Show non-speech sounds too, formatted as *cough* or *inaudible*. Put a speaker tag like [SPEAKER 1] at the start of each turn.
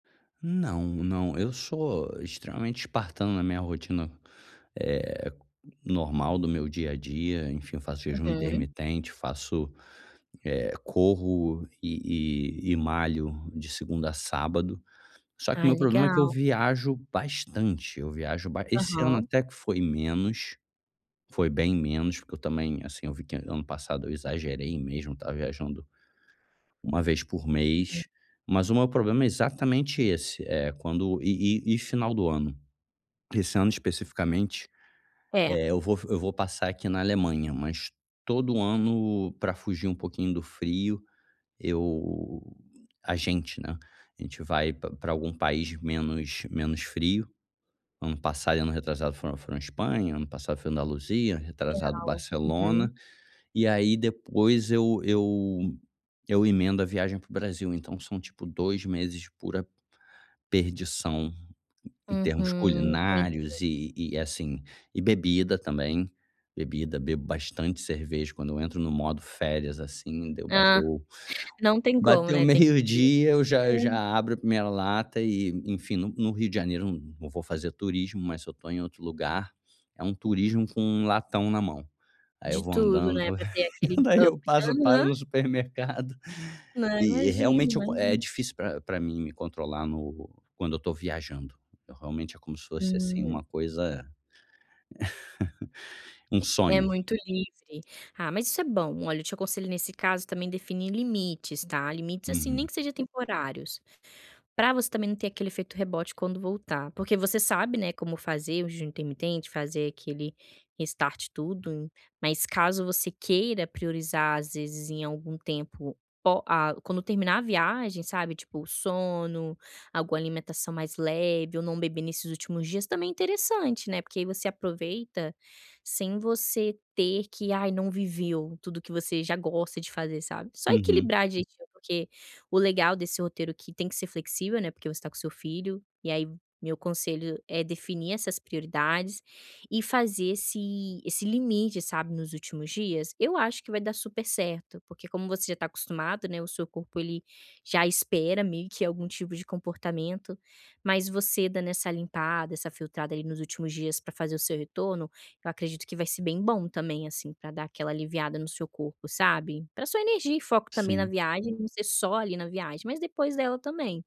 [SPEAKER 1] Não não, eu sou extremamente espartano na minha rotina, eh, normal do meu dia a dia, enfim, faço jejum
[SPEAKER 2] Uhum.
[SPEAKER 1] intermitente, faço, eh, corro e e e malho de segunda a sábado. Só que o
[SPEAKER 2] Ai,
[SPEAKER 1] meu problema é que eu
[SPEAKER 2] legal.
[SPEAKER 1] viajo bastante, eu viajo ba esse ano
[SPEAKER 2] Aham.
[SPEAKER 1] até que foi menos, foi bem menos, porque eu também, assim, eu vi que ano passado eu exagerei mesmo, estava viajando 1 vez por
[SPEAKER 2] Uhum.
[SPEAKER 1] mês. Mas o meu problema é exatamente esse, eh, quando e e e final do ano, esse ano especificamente,
[SPEAKER 2] É.
[SPEAKER 1] eh, eu vou eu vou passar aqui na Alemanha, mas todo ano, pra fugir um pouquinho do frio, eu a gente, né, a gente vai pra pra algum país menos menos frio. Ano passado, ano retrasado, foi foi na Espanha, ano passado foi em Andaluzia, retrasado
[SPEAKER 2] Legal,
[SPEAKER 1] Barcelona,
[SPEAKER 2] uhum.
[SPEAKER 1] e aí depois eu eu eu emendo a viagem para o Brasil, então são tipo 2 meses, pura perdição em
[SPEAKER 2] Uhum,
[SPEAKER 1] termos culinários
[SPEAKER 2] entendi.
[SPEAKER 1] e e, assim, e bebida também, bebida, bebo bastante cerveja quando eu entro no modo férias, assim. Deu
[SPEAKER 2] Ah,
[SPEAKER 1] bateu
[SPEAKER 2] não tem como,
[SPEAKER 1] bateu
[SPEAKER 2] né, tem que vir,
[SPEAKER 1] meio-dia, eu já eu já
[SPEAKER 2] é.
[SPEAKER 1] abro a 1ª lata e, enfim, no no Rio de Janeiro eu não vou fazer turismo, mas se eu tô em outro lugar, é um turismo com 1 latão na mão. Aí eu
[SPEAKER 2] De
[SPEAKER 1] vou
[SPEAKER 2] tudo,
[SPEAKER 1] andando,
[SPEAKER 2] né,
[SPEAKER 1] vou
[SPEAKER 2] pra ter aquele
[SPEAKER 1] daí eu
[SPEAKER 2] up.
[SPEAKER 1] passo, paro
[SPEAKER 2] Aham.
[SPEAKER 1] no supermercado
[SPEAKER 2] Não,
[SPEAKER 1] e
[SPEAKER 2] imagino,
[SPEAKER 1] realmente é o é
[SPEAKER 2] imagino.
[SPEAKER 1] difícil pra pra mim me controlar no quando eu tô viajando, eu realmente, é como se fosse, assim,
[SPEAKER 2] Hum.
[SPEAKER 1] uma coisa, *chuckles* um
[SPEAKER 2] É
[SPEAKER 1] sonho.
[SPEAKER 2] muito livre. Ah, mas isso é bom. Olha, eu te aconselho, nesse caso, também definir limites, tá, limites, assim, nem
[SPEAKER 1] Uhum.
[SPEAKER 2] que seja temporários, pra você também não ter aquele efeito rebote quando voltar, porque você sabe, né, como fazer o jejum intermitente, fazer aquele start e tudo, mas, caso você queira priorizar, às vezes, em algum tempo o a quando terminar a viagem, sabe, tipo o sono, alguma alimentação mais leve ou não beber nesses últimos dias também é interessante, né, porque aí você aproveita sem você ter que: "Ai, não viveu tudo que você já gosta de fazer." Sabe, só
[SPEAKER 1] Uhum.
[SPEAKER 2] equilibrar direitinho, porque o legal desse roteiro aqui tem que ser flexível, né, porque você tá com seu filho. E aí, meu conselho é definir essas prioridades e fazer esse esse limite, sabe, nos últimos dias. Eu acho que vai dar super certo, porque, como você já tá acostumado, né, o seu corpo ele já espera meio que algum tipo de comportamento. Mas você dando essa limpada, essa filtrada ali nos últimos dias pra fazer o seu retorno, eu acredito que vai ser bem bom também, assim, pra dar aquela aliviada no seu corpo, sabe. Pra sua energia e foco também, na
[SPEAKER 1] Sim.
[SPEAKER 2] viagem não ser só ali na viagem, mas depois dela também.